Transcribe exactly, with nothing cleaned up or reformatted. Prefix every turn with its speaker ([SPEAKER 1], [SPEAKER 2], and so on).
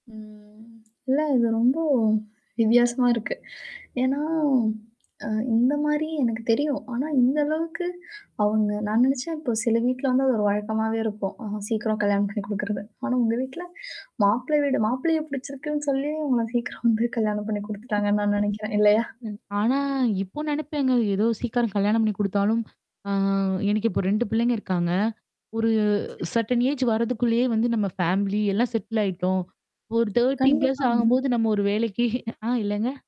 [SPEAKER 1] ம். இல்ல இது ரொம்ப வித்தியாசமா இருக்கு. ஏன்னா, அ இந்த மாரி எனக்கு தெரியும். ஆனா இந்த அளவுக்கு அவங்க நான் நெனச்சேன், இப்ப சில வீட்ல வந்து அது ஒரு வழக்கமாவே இருக்கும். அ சீக்கிரம் கல்யாணம் பண்ணி குடுக்குறது. ஆனா உங்க வீட்ல, மாப்பிள்ள வீடு மாப்பிள்ளைய பிடிச்சிருக்குன்னு சொல்லியும் [unintelligible] கல்யாணம் பண்ணி குடுத்துட்டாங்கன்னு நான் நெனைக்கிறேன். இல்லையா?
[SPEAKER 2] ம். ஆனா, இப்போ நெனப்பேங்க. ஏதோ சீக்கரம் கல்யாணம் பண்ணி குடுத்தாலும், ஆ எனக்கு இப்ப ரெண்டு பிள்ளைங்க இருக்காங்க. ஒரு
[SPEAKER 1] சரி.
[SPEAKER 2] சர்டன் ஏஜ் வர்றதுக்குள்ளேயே வந்து, நம்ம ஃபேமிலி எல்லாம் செட்டில் ஆயிட்டோம். ஒரு தேர்ட்டி பிளஸ்
[SPEAKER 1] கண்டிப்பாங்க.
[SPEAKER 2] ஆகும்போது நம்ம ஒரு வேலைக்கு ஆ, இல்லங்க.